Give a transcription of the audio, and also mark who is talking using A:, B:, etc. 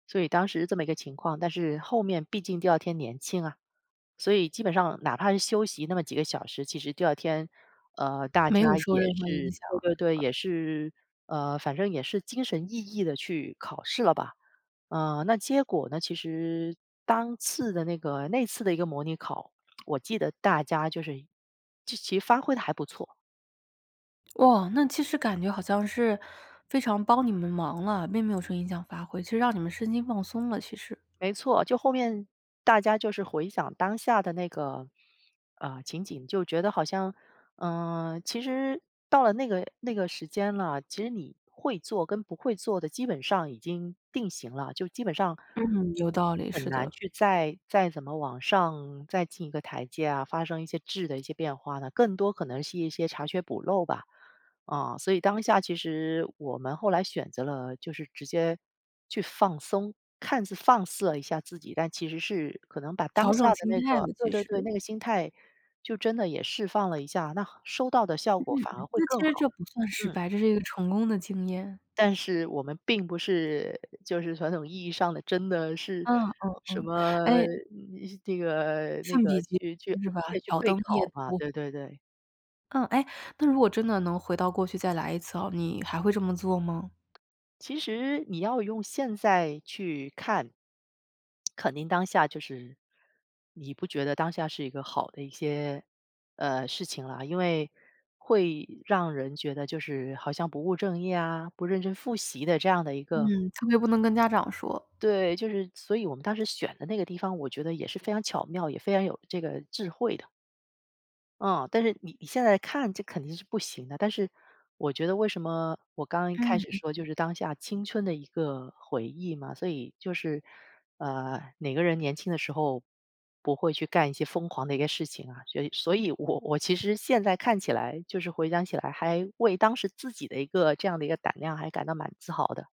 A: 所以当时这么一个情况，但是后面毕竟第2天年轻啊，所以基本上哪怕是休息那么几个小时，其实第2天，呃，大
B: 没
A: 家
B: 有受
A: 也
B: 任何
A: 是
B: 影响
A: 对对
B: 是
A: 对，也
B: 吧？
A: 是呃，反正也是精神奕奕地去考试了吧。嗯，那结果呢，其实当次的那个那次的一个模拟考，我记得大家就是就其实发挥得还不错。
B: 哇，那其实感觉好像是非常帮你们忙了，并没有说影响发挥，其实让你们身心放松了其实。
A: 没错，就后面大家就是回想当下的那个，啊，情景。就觉得好像，呃，其实到了那个那个时间了，其实你会做跟不会做的基本上已经定型了，就基本上
B: 嗯，有道理，
A: 很
B: 是
A: 难
B: 的。
A: 去再再怎么往上再进一个台阶啊，发生一些质的一些变化呢，更多可能是一些查缺补漏吧，啊。所以当下其实我们后来选择了就是直接去放松。看似放肆了一下自己，但其实是可能把当
B: 调
A: 下
B: 整
A: 的
B: 心
A: 那
B: 态
A: 个
B: 的
A: 对
B: 其
A: 对对，那
B: 实。
A: 个心态就真的也释放了一下，那收到的效
B: 嗯，
A: 果反而会
B: 那其
A: 更
B: 实
A: 好。
B: 这不算失
A: 嗯。
B: 败，这是一个成功的经验。
A: 但是我们并不是就是传统意义上的真的是
B: 嗯嗯
A: 什
B: 嗯，
A: 么，
B: 诶
A: 那个那
B: 圣彼
A: 个
B: 结
A: 去去
B: 是吧，
A: 去
B: 挑
A: 备
B: 灯夜
A: 考嘛，
B: 读。
A: 对对对。
B: 嗯，诶，那如果真的能回到过去再来一次哦，你还会这么做吗？
A: 其实你要用现在去看，肯定当下就是你不觉得当下是一个好的一些，呃，事情啊。因为会让人觉得就是好像不务正业啊，不认真复习的这样的一个
B: 嗯，特别不能跟家长说。
A: 对，就是所以我们当时选的那个地方，我觉得也是非常巧妙，也非常有这个智慧的。嗯，但是你你现在看这肯定是不行的，但是我觉得为什么我刚一开
B: 嗯
A: 始说就
B: 嗯。
A: 是当下青春的一个回忆嘛。所以就是，啊，每个人年轻的时候不会去干一些疯狂的一个事情啊，所所以我我其实现在看起来就是回想起来，还为当时自己的一个这样的一个胆量还感到蛮自豪的。